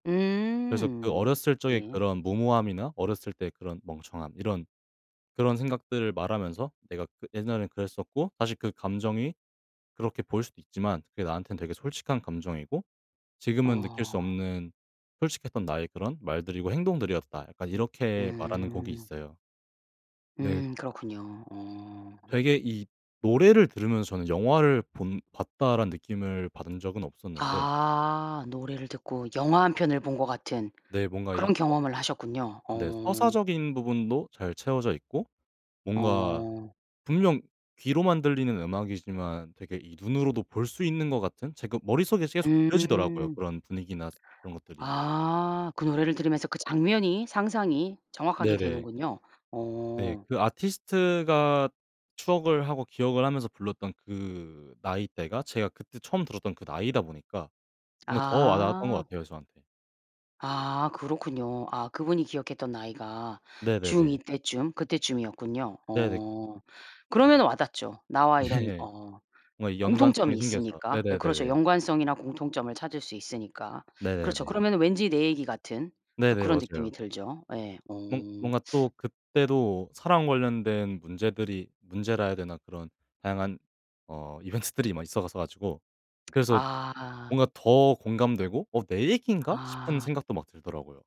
그래서 그 음. 어렸을 적의 네. 그런 무모함이나 어렸을 때의 그런 멍청함 이런 그런 생각들을 말하면서 "내가 그 옛날엔 그랬었고 사실 그 감정이 그렇게 보일 수도 있지만 그게 나한테는 되게 솔직한 감정이고 지금은 느낄 수 어. 없는 솔직했던 나의 그런 말들이고 행동들이었다." 약간 이렇게 말하는 곡이 음. 있어요. 네. 음 그렇군요. 어. 되게 이 노래를 들으면서 저는 '영화를 본 봤다.'라는 느낌을 받은 적은 없었는데 아. 노래를 듣고 영화 1 편을 본 것 같은. 네. 뭔가 이 그런 서 경험을 하셨군요. 네. 어. 서사적인 부분도 잘 채워져 있고 뭔가 어. 분명 귀로만 들리는 음악이지만 되게 이 눈으로도 볼 수 있는 것 같은? 제가 머릿속에서 계속 그려지더라고요, 음. 그런 분위기나 스 그런 것들이. 아. 그 노래를 들으면서 그 장면이 상상이 정확하게 네네. 되는군요. 네. 어. 그 아티스트가 추억을 하고 기억을 하면서 불렀던 그 나이대가 제가 그때 처음 들었던 그 나이다 보니까 뭔가 더 와닿았던 것 아. 같아요 저한테. 아. 그렇군요. 아 그분이 기억했던 나이가 중 2 네네네. 때쯤 그때쯤이었군요. 네 넥 어. 그러면은 와 닿죠. 나와 이런 예. 어 뭔가 공통점이 연관성이 생겨서. 있으니까. 예 그렇죠. 네네네네. 연관성이나 공통점을 찾을 수 있으니까. 그렇죠. 네네네. 그러면은 왠지 내 얘기 같은 또 네네. 그런 느낌이 맞아요. 들죠. 예. 어. 뭔 뭔가 또 그때도 사랑 관련된 문제들이 문제라 해야 되나? 그런 다양한 어 이벤트들이 막 있어서 가지고 그래서 아. 뭔가 더 공감되고 '어 내 얘기인가?' 싶은 아. 생각도 막 들더라고요.